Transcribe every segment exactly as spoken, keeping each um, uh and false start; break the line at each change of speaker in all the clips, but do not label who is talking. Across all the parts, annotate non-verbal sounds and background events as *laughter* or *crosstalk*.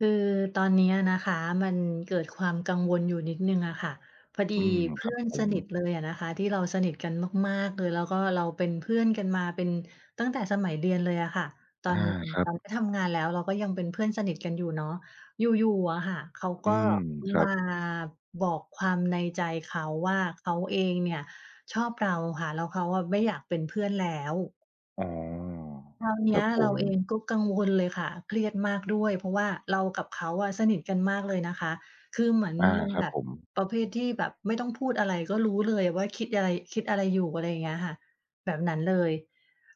คือตอนเนี้ยนะคะ มันเกิดความกังวลอยู่นิดหนึ่งอะค่ะ พอดี
อืม
เพ
ค
ื
ร
่
ับ
อน
ผ
ส
ม
นิทเลยอะนะคะ ที่เราสนิทกันมาก ๆ เลย แล้วก็เราเป็นเพื่อนกันมาเป็น ตั้งแต่สมัยเรียนเลยอะค่ะ ตอ
อา
น
ครั
ต
บ
อนที่ทำงานแล้ว เราก็ยังเป็นเพื่อน สนิทกันอยู่เนาะ อยู่ ๆ อะค่ะ เขาก
อื
็
ม คร
ม
ั
า
บ
บอกความในใจเขาว่า เขาเองเนี่ยชอบเราค่ะ แล้วเขาอะ "ไม่อยากเป็นเพื่อนแล้ว"
อ๋อ
คราวเน
คร
ี้
ั
ย
บผ
เรา
ม
เองก็กังวลเลยค่ะ เครียดมากด้วย เพราะว่าเรากับเขาอะสนิทกันมากเลยนะคะ คือเหมือน
อา
มัน
คร
แ
ั
บ
บ
บ
ผม
ประเภทที่แบบไม่ต้องพูดอะไรก็รู้เลยว่าคิดอะไร คิดอะไรอยู่ อะไรอย่างเงี้ยค่ะ แบบนั้นเลย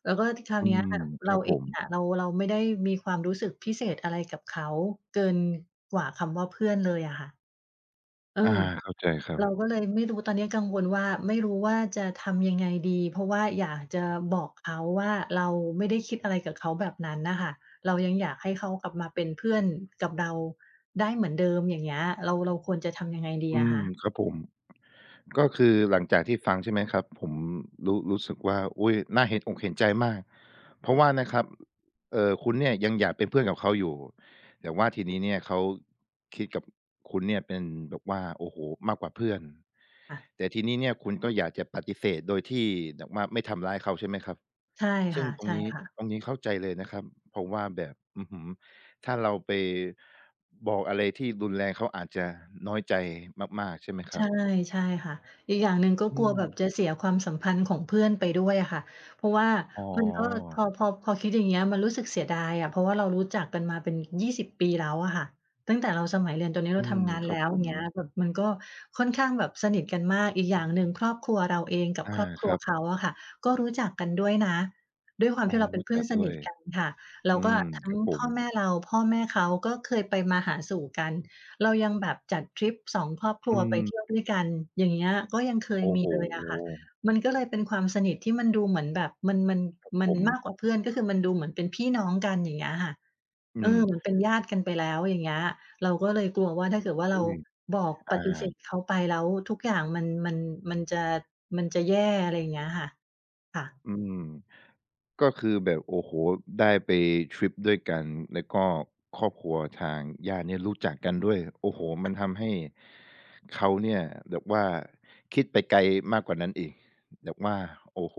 แล้วก็ครา
อ
ว
ื
เนี้ย
ม
ค่ะ เร
คร
า
ับ
เอ
ผ
ง
ม
อะ เรา เราไม่ได้มีความรู้สึกพิเศษอะไรกับเขาเกินกว่าคำว่า "เพื่อน" เลยอะค่ะ เอ
อา
อ
เข้าใจครั
เ
บ
ราก็เลยไม่รู้ ตอนนี้กังวลว่า ไม่รู้ว่าจะทำยังไงดี เพราะว่าอยากจะบอกเขาว่า เราไม่ได้คิดอะไรกับเขาแบบนั้นน่ะค่ะ เรายังอยากให้เขากลับมาเป็นเพื่อนกับเราได้เหมือนเดิม อย่างเงี้ย เรา เราควรจะทำยังไงดี
อื
อะค
ม
ะ?
ครับผม ก็คือหลังจากที่ฟัง ใช่ไหมครับ ผมรู้ รู้สึกว่า อุ๊ย น่าเห็นอกเห็นใจมาก เพราะว่านะครับ เอ่อ คุณเนี่ยยังอยากเป็นเพื่อนกับเขาอยู่ แต่ว่าทีนี้เนี่ยเขาคิดกับคุณเนี่ยเป็นแบบว่า โอ้โฮ! มากกว่าเพื่อน
อะ
แต่ทีนี้เนี่ยคุณก็อยากจะปฏิเสธ โดยที่แบบว่าไม่ทำร้ายเขาใช่ไหมครับ?
ใช่
ซ
ค
ึ่
่
ง
ะ
ตร
ใช
ง
่
นี้
ค่ะ
ตรงนี้เข้าใจเลยนะครับ เพราะว่าแบบ อื้อฮือ ถ้าเราไปบอกอะไรที่รุนแรง เขาอาจจะน้อยใจมาก ๆ ใช่ไหมค
ใ
ร
ช
ั
่
บ?
ใช่ค่ะ อีกอย่างหนึ่งก็
อื
กลัวแบบ
ม
จะเสียความสัมพันธ์ของเพื่อนไปด้วยอะค่ะ เพราะว่า
อ๋
มันก็ พ
อ
อ พอ พอคิด อย่างเงี้ย มันรู้สึกเสียดายอะ เพราะว่าเรารู้จักกันมาเป็น ยี่สิบ ปีแล้วอะค่ะ ตั้งแต่เราสมัยเรียน ตอนนี้
อ
เร
ื
าท
ม
ำงาน
ค
แ
รั
ล
บ
้ว
ผ
อย่าง
ม
เงี้ย แบบมันก็ค่อนข้างแบบสนิทกันมาก อีกอย่างหนึ่ง ครอบครัวเราเองกั
อ
บ
า
ครอบคร
ค
ั
ร
ว
ับ
เขาอะค่ะ ก็รู้จักกันด้วยนะ ด้วยความ
อ๋
ท
อ
ี่เราเป็
รู
น
้
เพื่
จ
อ
ั
น
ก
ส
ด้
น
ว
ิ
ย
ทกันค่ะ แล้
อื
วก็
ม
ทั้
ค
ง
รับผ
พ่อ
ม
แม่เรา พ่อแม่เขาก็เคยไปมาหาสู่กัน เรายังแบบจัดทริป สอง ครอบคร
อื
ัวไปเท
ม
ี่ยวด้วยกัน อย่างเงี้ย ก็ยังเค
โ
ย
อ้
มี
โฮ
เลยอะค่ะ มันก็เลยเป็นความสนิทที่มันดูเหมือนแบบ มัน มัน
ครับ
มั
ผ
นม
ม
ากกว่าเพื่อน ก็คือมันดูเหมือนเป็นพี่น้องกัน อย่างเงี้ยค่ะ
อื
เอ
ม
อ เหมือนเป็นญาติกันไปแล้ว อย่างเงี้ย เราก็เลยกลัวว่า ถ้าเกิดว่า
อ
เร
ุ
า
๊ย!
บอก
อ
ป
า
ฏิเสธเขาไปแล้วทุกอย่าง มัน มัน มันจะ มันจะแย่ อะไรอย่างเงี้ยค่ะ ค่ะ
อืม ก็คือแบบ โอ้โฮ ได้ไปทริปด้วยกัน แล้วก็ครอบครัวทางญาติเนี่ยรู้จักกันด้วย โอ้โฮ มันทำให้เขาเนี่ยแบบว่าคิดไปไกลมากกว่านั้นอีก แบบว่า โอ้โฮ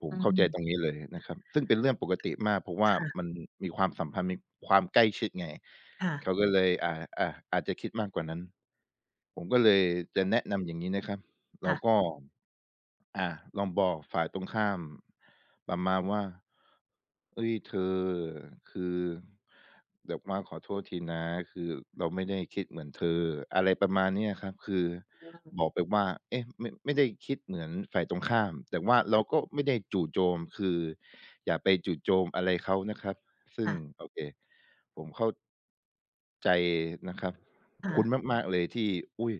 ผ
อ
ม
ื
เข้าใจ
ม
ตรงนี้เลยนะครับ ซึ่งเป็นเรื่องปกติมาก เพราะว่
ค
า
่ะ
มันมีความสัมพันธ์ มีความใกล้ชิดไง
ค่ะ
เขาก็เลย อ่า อ อาจจะคิดมากกว่านั้น ผมก็เลยจะแนะนำอย่างงี้นะครับ เ
ค
ร
่
า
ะ
ก็ อ่า ลองบอกฝ่ายตรงข้าม ประมาณว่า "เฮ้ย เธอ คือแบบว่าขอโทษทีนะ คือเราไม่ได้คิดเหมือนเธอ" อะไรประมาณเนี้ยครับ คือ
อืม
บอกไปว่า เอ๊ะ ไม่ ไม่ได้คิดเหมือนฝ่ายตรงข้าม แต่ว่าเราก็ไม่ได้จู่โจม คืออย่าไปจู่โจมอะไรเขานะครับ ซึ
ค
่ง
่ะ
โอเค ผมเข้า ใจนะครับ
ค่
คุณ
ะ
มาก ๆ เลยที่ อุ๊ย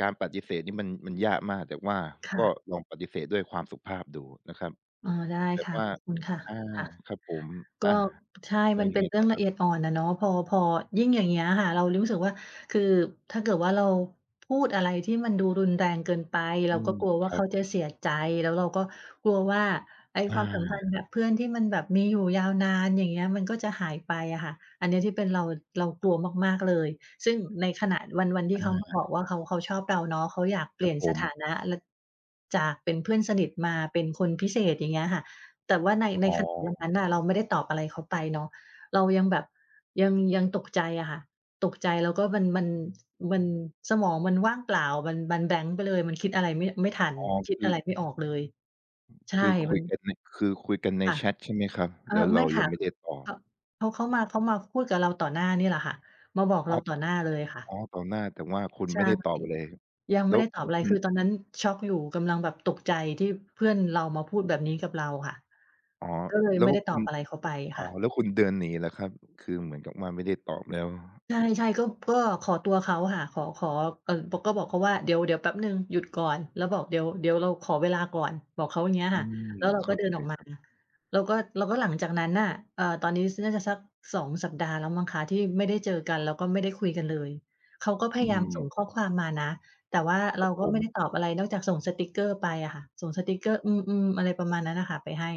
การปฏิเสธนี่มัน มันยากมาก แต่ว่า
ค่
ก็
ะ
ลองปฏิเสธด้วยความสุภาพดูนะครับ
อ๋อ ได้
แบ
ค
บ
่ะ
ว่า
ขอบคุณค่ะ
อ่า
ค่ะ
ครับผม
ก
อ่
็
า
ใช่
แล้
ม
ว
ัน
ย
เ
ั
ป็
งไ
น
ง
เรื
ต
่
่
อ
อ
งล
ค
ะ
ร
เ
ับ?
อียด อ่อนอะเนาะ พอ พอยิ่งอย่างเงี้ยค่ะ เรารู้สึกว่า คือถ้าเกิดว่าเรา พูดอะไรที่มันดูรุนแรงเกินไป เ
อ
ร
ื
าก
ม
็กลัวว
ค
่า
รั
เข
บ
าจะเสียใจ แล้วเราก็กลัวว่า ไอ้
อ
ความสัมพันธ
า
์ กับเพื่อนที่มันแบบมีอยู่ยาวนาน อย่างเงี้ย มันก็จะหายไปอะค่ะ อันเนี้ยที่เป็นเรา เรากลัวมาก ๆ เลย ซึ่งในขณะวัน วันที
อ
่เขามาบอ
า
กว่า เขา เขาชอบเราเนาะ เขาอยากเป
ค
ล
ร
ี
ั
่
บ
ยน
ผ
สถ
ม
านะ ล จากเป็นเพื่อนสนิทมาเป็นคนพิเศษ อย่างเงี้ยค่ะ แต่ว่าใน ใน
อ๋
ข *unintelligible* วันนั
อ
้นน่ะ เราไม่ได้ตอบอะไรเขาไปเนาะ เรายังแบบยัง ยังตกใจอะค่ะ ตกใจแล้วก็มัน มัน มันสมองมันว่างเปล่ามัน มันแบลงก์ไปเลย มันคิดอะไรไม่ ไม่ทัน
อ๋อ
คิ
ค
ด
ื
อ
อ
ะไรไม่ออกเลย ใช
ค
่
ือค
ม
ุ
ั
ยก
น
ันใน คือคุยกันใน
ค่ะ
แชตใช่ไหมครับ?
เอ่
แ
อ
ล้วเ
ไ
ร
ม
า
่ค
ยั
่ะ
งไม่ได้ตอ
เ
บ
ขา เขามา เขามาพูดกับเราต่อหน้านี่แหละค่ะ มาบอกเรา
*unintelligible*
ต่อหน้าเลยค่
อ
ะ
๋อ ต่อหน้า แต่ว่าคุณ
ใช
ไ
่
ม่ได้ตอบอะไร
ยังไ
แ
ม
ล้
่
ว
ได้ต
แ
อ
ล
บ
้ว
อะไร
คุณ
คือตอนนั้นช็อกอยู่ กำลังแบบตกใจที่เพื่อนเรามาพูดแบบนี้กับเราค่ะ
อ๋อ
ก็เลย
แล้
ไม่
ว
ได้ต
คุ
อบ
ณ
อะไรเขาไป
อ๋
ค
อ
่ะ
แล้วคุณเดินหนีเหรอครับ? คือเหมือนกับว่าไม่ได้ตอบแล้ว
ใช่ ๆ ก็ ก็ขอตัวเขาค่ะ ขอ ขอ ก ก็บอกเขาว่าเดี๋ยว เดี๋ยวแป๊บหนึ่งหยุดก่อน แล้วบอกเดี๋ยว เดี๋ยวเราขอเวลาก่อน บอกเขาอย่างเงี้ย
อื
ค่ะ
ม
แล้วเรา
เข
ก็
้า
เดิน
ใจ
ออกม
ค
า
รับ
แล้วก็ แล้วก็หลังจากนั้นน่ะ เอ่อ ตอนนี้น่าจะสัก สอง สัปดาห์แล้วมั้งคะที่ไม่ได้เจอกัน แล้วก็ไม่ได้คุยกันเลย เขาก็พ
อื
ยายามส่
ม
งข้อความมานะ แต่ว่า
ค
เ
ร
รา
ับ
ก
ผ
็ไม่ได
ม
้ตอบอะไรนอกจากส่งสติกเกอร์ไปอะค่ะ ส่งสติกเกอร์ อืม ๆ อะไรประมาณนั้นน่ะค่ะ ไปให้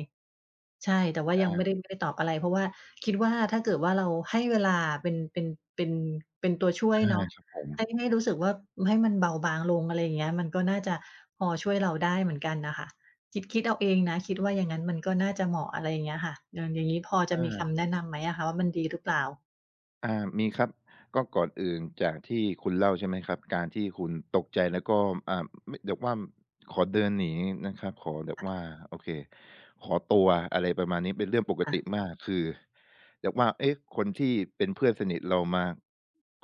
ใช่ แต่ว่า
อ
ยัง
า
ไม่ ไม่ได้ตอบอะไร เพราะว่าคิดว่า ถ้าเกิดว่าเราให้เวลาเป็น เป็น เป็นตัวช่วย
อา
เนาะ
ครับผม
ให้ ให้รู้สึกว่าให้มันเบาบางลง อะไรอย่างเงี้ย มันก็น่าจะพอช่วยเราได้เหมือนกันน่ะค่ะ คิด คิดเอาเองนะ คิดว่าอย่างนั้นมันก็น่าจะเหมาะ อะไรอย่างเงี้ยค่ะ อย่าง อย่างนี้พอจะ
อ
มี
า
คำแนะนำไหมอะคะว่า มันดีหรือเปล่า?
อ่า มีครับ ก็ก่อนอื่นจากที่คุณเล่า ใช่ไหมครับ การที่คุณตกใจ แล้วก็ อ่า ม แบบว่าขอเดินหนีนะครับ ขอแบ
ค
บ
่ะ
ว่า โอเค ขอตัว อะไรประมาณนี้ เป็นเรื่องปก
ค่
ต
ะ
ิมาก คือแบบว่า เอ๊ะ คนที่เป็นเพื่อนสนิทเรามา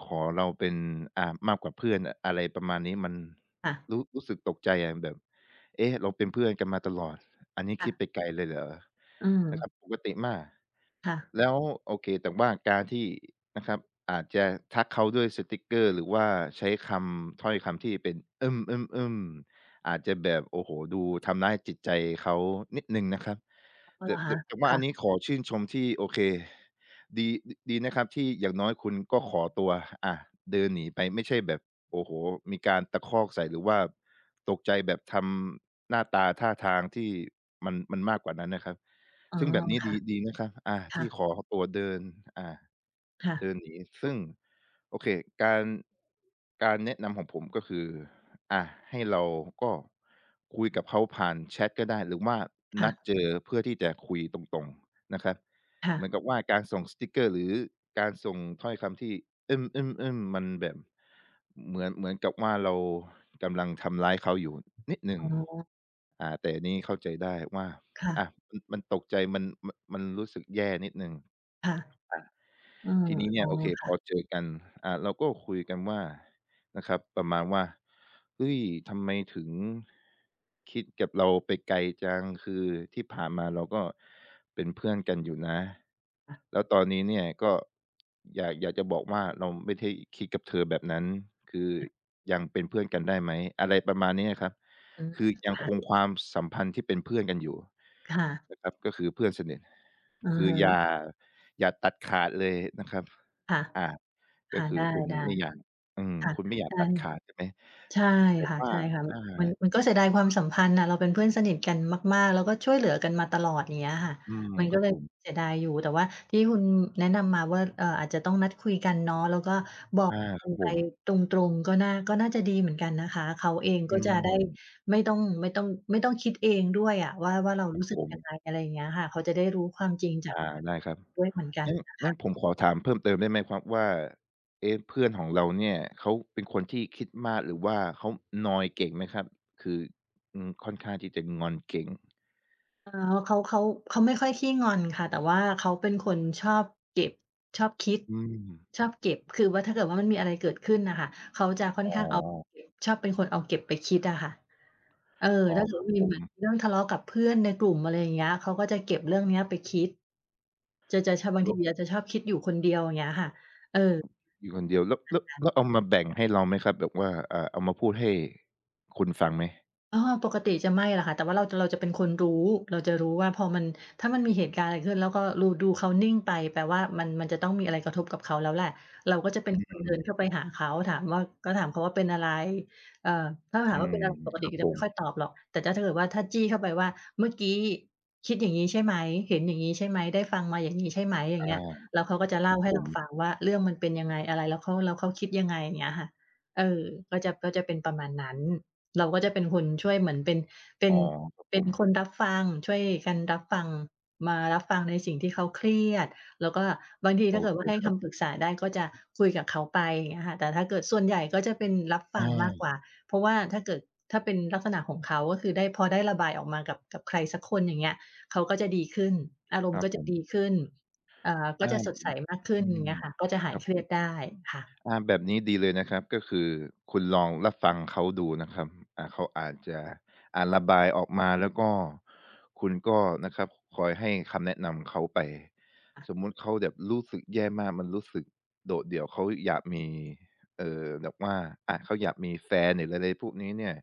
ขอเราเป็น อ่า มากกว่าเพื่อนอะ อะไรประมาณนี้ มัน
ค่ะ
รู้ รู้สึกตกใจอะแบบ เอ๊ะ เราเป็นเพื่อนกันมาตลอด อันนี้
ค่
ค
ะ
ิดไปไกลเลยเหรอ?
อื
นะคร
ม
ับ ปกติมาก
ค่ะ
แล้ว โอเค แต่ว่าการที่นะครับ อาจจะทักเขาด้วยสติกเกอร์ หรือว่าใช้คำ ถ้อยคำที่เป็น อืม ๆ ๆ อาจจะแบบ โอ้โฮ ดูทำร้ายจิตใจเขานิดหนึ่งนะครับ
อะ
แต่
ฮ
แต
ะ
่ แต่ว่
ค
า
่
อัน
ะ
นี้ขอชื่นชมที่ โอเค ดี ด ดีนะครับที่อย่างน้อยคุณก็ขอตัว อะ เดินหนีไป ไม่ใช่แบบ โอ้โฮ มีการตะคอกใส่ หรือว่าตกใจแบบทำหน้าตาท่าทางที่มัน มันมากกว่านั้นนะครับ
อ๋อ
ซึ่งแบบนี้
ค่
ด
ะ
ี ดีนะครับ อ่า
ค
ท
่
ี่
ะ
ขอตัวเดิน อ่า
ค่
เ
ะ
ดินหนี ซึ่ง โอเค การ การแนะนำของผมก็คือ อ่า ให้เราก็คุยกับเขาผ่านแชตก็ได้ หรือว่า
ค่
นัด
ะ
เจอเพื่อที่จะคุยตรง ๆ นะครับ
ค่
เหม
ะ
ือนกับว่าการส่งสติกเกอร์ หรือการส่งถ้อยคำที่ อืม ๆ ๆ มันแบบเหมือน เหมือนกับว่าเรากำลังทำร้ายเขาอยู่ นิดหนึ่
อ
ง
๋อ
อ่า แต่นี้เข้าใจได้ว่า
ค่ะ
อา ม มันตกใจ มัน ม มันรู้สึกแย่นิดหนึ่ง
ค่ะ
อา
อืม
ทีนี้เน
อ
ี
๋
่
อ
ย โอเค
ค
พ
่
อ
ะ
เจอกัน อา เราก็คุยกันว่านะครับ ประมาณว่า "เฮ้ย ทำไมถึง คิดกับเราไปไกลจัง คือที่ผ่านมาเราก็เป็นเพื่อนกันอยู่นะ
ค่ะ
แล้วตอนนี้เนี่ย ก็ อยาก อยากจะบอกว่า เราไม่ได้คิดกับเธอแบบนั้น คือ
ค่ะ
ยังเป็นเพื่อนกันได้ไหม?" อะไรประมาณนี้ครับ
อืม
คือยัง
ค่
ค
ะ
งความสัมพันธ์ที่เป็นเพื่อนกันอยู่
ค่ะ
นะครับ ก็คือเพื่อนสนิท
อื
ค
อ
ื
ฮ
ออย่
ึ
า อย่าตัดขาดเลยนะครับ
ค่ะ
อา
ค
ก็
่ะ
ค
ไ
ื
ด
อคุณ
้
ไม่อยาก อืม
ๆ ค่ะ
คุณไม่อยา
ใช
ก
่
ตัดขาด ใช่ไหม
ใช่
แต่
ค่ะ
ว่
ใ
า
ช่ค่ะ
อา
มัน มันก็เสียดายความสัมพันธ์น่ะ เราเป็นเพื่อนสนิทกันมาก ๆ แล้วก็ช่วยเหลือกันมาตลอด อย่างเงี้ยค่ะ
อืม
มัน
คร
ก็
ับ
เลย
ผม
เสียดายอยู่ แต่ว่าที่คุณแนะนำมาว่า เอ่อ อาจจะต้องนัดคุยกันเนาะ แล้วก็บอ
อ
ก
า ค
กั
รับ
น
ผ
ไป
ม
ตรง ๆ ก็น่า ก็น่าจะดีเหมือนกันนะคะ เขาเอง
อ
ก
ื
็จะได้
ม
ไม่ต้อง ไม่ต้อง ไม่ต้องคิดเองด้วยอะว่า ว่าเรา
ครั
ร
บ
ู้สึ
ผ
กยัง
ม
ไง อะไรอย่างเงี้ยค่ะ เขาจะได้รู้ความจริงจา
อ
ก
า ได้ครับ
ด้วยเหมือนกัน
งั้น
นะค
งั้
ะ
นผมขอถามเพิ่มเติมได้ไหมครับว่า เอ๊ะ เพื่อนของเราเนี่ย เขาเป็นคนที่คิดมาก หรือว่าเขานอยเก่งไหมครับ? คือ อือ ค่อนข้างที่จะงอนเก่ง
อ๋อ เขา เขา เขาไม่ค่อยขี้งอนค่ะ แต่ว่าเขาเป็นคนชอบเก็บ ชอบคิด
อืม
ชอบเก็บ คือว่าถ้าเกิดว่ามันมีอะไรเกิดขึ้นน่ะค่ะ เขาจะค่อ
อ
น
๋อ
ข้างเอา เก็บ ชอบเป็นคนเอาเก็บไปคิดอะค่ะ เออ
อ๋อ
ถ้าเกิ
ค
ด
รั
ว่
บ
ามี
ผ
เหมือน
ม
เรื่องทะเลาะกับเพื่อนในกลุ่ม อะไรอย่างเงี้ย เขาก็จะเก็บเรื่องเนี้ย ไปคิด จะ จะชอบ บ
แล
างท
้
ี
ว
อะจะชอบคิดอยู่คนเดียว อย่างเงี้ยค่ะ เออ
อยู่คนเดียว แล้ว แล้ว
*unintelligible* นั้
แ
น
ล้วเอามาแบ่งให้เราไหมครับ? แบบว่า เอ่อ เอามาพูดให้ คุณฟังไหม?
อ้อ ปกติจะไม่ล่ะค่ะ แต่ว่าเราจะ เราจะเป็นคนรู้ เราจะรู้ว่าพอมัน ถ้ามันมีเหตุการณ์อะไรเกิดขึ้น แล้วก็ลู ดูเขานิ่งไป แปลว่ามัน มันจะต้องมีอะไรกระทบกับเขาแล้วแหละ เราก็จะเป็น
อื
คนเดินเข
ม
้าไปหาเขา ถามว่า ก็ถามเขาว่า "เป็นอะไร?" เอ่อ ถ้าเราถา
อื
มว่าเป็
ม
นอะไร ปก
ค
ติ
รั
ก
บ
็จ
ผ
ะไม่ค่
ม
อยตอบหรอก แต่จะ ถ้าเกิดว่า ถ้าจี้เข้าไปว่า "เมื่อกี้คิดอย่างงี้ใช่ไหม เห็นอย่างนี้ใช่ไหม ได้ฟังมาอย่างนี้ใช่ไหม?" อย่า
อ
ง
า
เงี้ย แล้วเขาก็จะเล
ค
่า
รับ
ให้
ผ
เราฟ
ม
ังว่า เรื่องมันเป็นยังไง อะไร แล้วเขา แล้วเขาคิดยังไง อย่างเงี้ยค่ะ เออ ก็จะ ก็จะเป็นประมาณนั้น เราก็จะเป็นคนช่วยเหมือนเป็น เป็
อ๋
น
อ ครับ
เป็
ผ
น
ม
คนรับฟัง ช่วยกันรับฟัง มารับฟังในสิ่งที่เขาเครียด แล้วก็บางที
โ
ถ
อ
้าเกิด
เค
ว่าให้
คร
ค
ับ
ำปรึกษาได้ ก็จะคุยกับเขาไป อย่างเงี้ยค่ะ แต่ถ้าเกิด ส่วนใหญ่ก็จะเป็นรับฟ
อ
ังมาก
า
กว่า เพราะว่าถ้าเกิด ถ้าเป็นลักษณะของเขา ก็คือได้ พอได้ระบายออกมากับ กับใครสักคน อย่างเงี้ย เขาก็จะดีขึ้น อารม
ค
ณ
ร
์
ั
ก
บ
็จ
ผ
ะ
ม
ดีขึ้น เอ่อ ก
อ
็
า
จะสดใส
แบบ
มากขึ้
อื
น อย่
ม
างเงี้ยค่ะ ก็จะห
ค
าย
รับ
เคร
ผ
ีย
ม
ดได้ ค่ะ
อา แบบนี้ดีเลยนะครับ ก็คือคุณลองรับฟังเขาดูนะครับ อ่า เขาอาจจะ อ่า ระบายออกมา แล้วก็ คุณก็นะครับคอยให้คำแนะนำเขาไป
ค่ะ
สมมุติเขาแบบรู้สึกแย่มากมันรู้สึกโดดเดี่ยว เขาอยากมี เอ่อ แบบว่า อะ เขาอยากมีแฟน หรืออะไรพวกนี้เนี่ย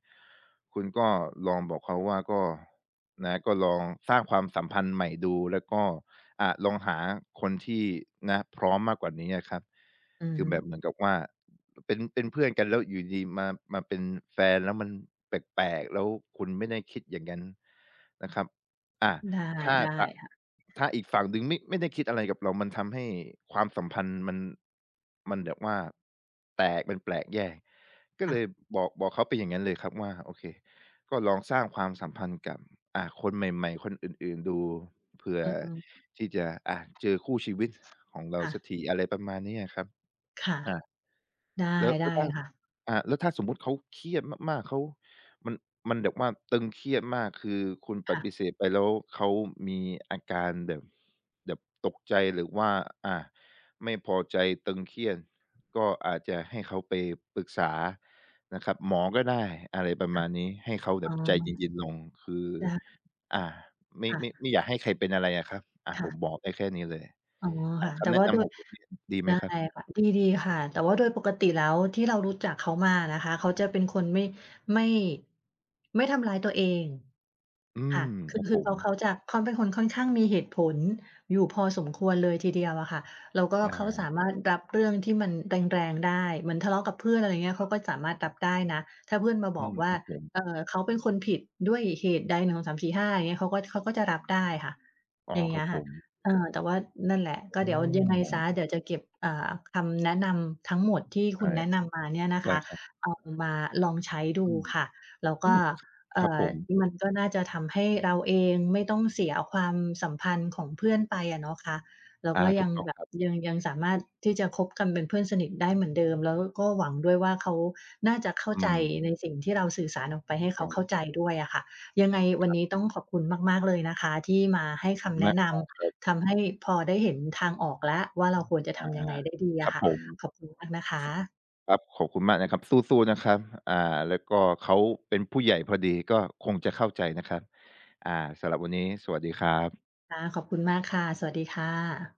คุณก็ลองบอกเขาว่า ก็ นะ ก็ลองสร้างความสัมพันธ์ใหม่ดู แล้วก็ อะ ลองหาคนที่ นะ พร้อมมากกว่านี้อะครับ
อือ
คื
ฮ
อแบ
ึ
บเหมือนกับว่า เป็น เป็นเพื่อนกันแล้วอยู่ดี ๆ มา มาเป็นแฟน แล้วมันแปลก ๆ แล้วคุณไม่ได้คิดอย่างงั้น นะครับ อะ
ได้
ถ้า
ได้
ตะ
ค่ะ
ถ้าอีกฝั่งหนึ่งมิ ไม่ได้คิดอะไรกับเรา มันทำให้ความสัมพันธ์มัน มันแบบว่า แตก มันแปลกแยก ก็
ค่
เล
ะ
ยบอก บอกเขาเป็นอย่างงั้นเลยครับว่า โอเค ก็ลองสร้างความสัมพันธ์กับ อา คนใหม่ ๆ คนอื่น ๆ ดู เผื่อ
อือฮึ
ที่จะ อะ เจอคู่ชีวิตของเรา
ค่
สั
ะ
กที อะไรประมาณนี้อะครับ
ค่ะ
อะ
ได้
แล้ว แ
ไ
ล
ด้
้ว ถ้า
ค่ะ
อะ แล้วถ้าสมมุติเขาเครียดมาก ๆ เขา มัน มันแบบว่าตึงเครียดมาก คือคุณป
ค่
ฏิ
ะ
เสธไปแล้ว เขามีอาการแบบ แบบตกใจ หรือว่า อา ไม่พอใจ ตึงเครียด ก็อาจจะให้เขาไปปรึกษานะครับ หมอก็ได้ อะไรประ
ค
ม
่ะ
าณนี้ ให้เขาแบ
อ๋อ
บใจเย็น ๆ ลง คือ
ได้
อ่า ไม่
ค่ะ
ไม่ ไม่อยากให้ใครเป็นอะไรอะครับ อ่า
ค่
ผ
ะ
มบอกได้แค่นี้เลย
อ๋อ
อ่
ค
า
่ะ
ค
แต่
ำแน
ว่
ะ
า
น
โด
ำข
ย
องผมเนี่ย ดีไ
ไ
ห
ด
ม
้
ครับ?
ค่ะ ดี ดีค่ะ แต่ว่าโดยปกติแล้ว ที่เรารู้จักเขามาอะนะคะ เขาจะเป็นคนไม่ ไม่ ไม่ทำร้ายตัวเอง
อื
ค
ม
่ะ ค
ค
ื
ร
อ
ับ
ค
ผ
ือเข
ม
า เขาจะ เขาเป็นคนค่อนข้างมีเหตุผลอยู่พอสมควรเลยทีเดียวอะค่ะ แล้วก็
อ
เขาสา
า
มารถรับเรื่องที่มันแรง ๆ ได้ เหมือนทะเลาะกับเพื่อน อะไรเงี้ย เขาก็สามารถรับได้นะ ถ้าเพื่อนมา
อ
บ
ื
อก
ม
ว่
ค
า
รับผม
เอ่อ เขาเป็นคนผิดด้วยเหตุใด หนึ่งสองสามสี่ห้า อย่างเงี้ย เขาก็ เขาก็จะรับได้ค่ะ
อ้อ
อย่างเ
ค
งี
ร
้
ับ
ย
ผ
ค่ะ
ม
เออ แต่ว่า นั่นแหละ
อ
ก็
๋
เดี๋ยวยังไงเสีย
อ
เดี๋ยวจะเก็บ อ่า คำแนะนำทั้งหมดที่
ไ
ค
ด
ุ
้
ณแนะนำมาเนี่ยนะ
ไ
ค
ด้
ะ
ครั
เอา
บ
มาลองใช้ด
อ
ู
ืม
ค่ะ แล้ว
อ
ก
ื
็
ม
เอ
ค
่
รับ
อ
ผม
มันก็น่าจะทำให้เราเอง ไม่ต้องเสียความสัมพันธ์ของเพื่อนไปอะเนาะคะ แล้ว
อา
ก็
ถ
ย
ู
ั
ก
ง
ต้อง
แบ
ค
บ
รับ
ยัง ยังสามารถที่จะคบกันเป็นเพื่อนสนิทได้เหมือนเดิม แล้วก็หวังด้วยว่า เขาน่าจะเข้า
อื
ใจ
ม
ในสิ่งที่เราสื่อสารออกไปให้เข
ต้
า
อ
เข้
ง
าใจด้วยอะค่ะ ยังไงว
ค
ัน
รั
น
บ
ี้ต้องขอบคุณมาก ๆ เลยนะคะ ที่มาให้คำแน
น
ะ
ัก
น
*unintelligible*
ำทำให้พอได้เห็นทางออกแล้วว่า เราควรจะ
อ
ท
า
ำยังไงได้ดีอ
คร
ะ
ับ
ค่ะ
ผม
ขอบคุณมากนะคะ
ครับ ขอบคุณมากนะครับ สู้ ๆ นะครับ อ่า แล้วก็เขาเป็นผู้ใหญ่พอดี ก็คงจะเข้าใจนะครับ อ่า สำหรับวันนี้สวัสดีครับ
ค่ะ ขอบคุณมากค่ะ สวัสดีค่ะ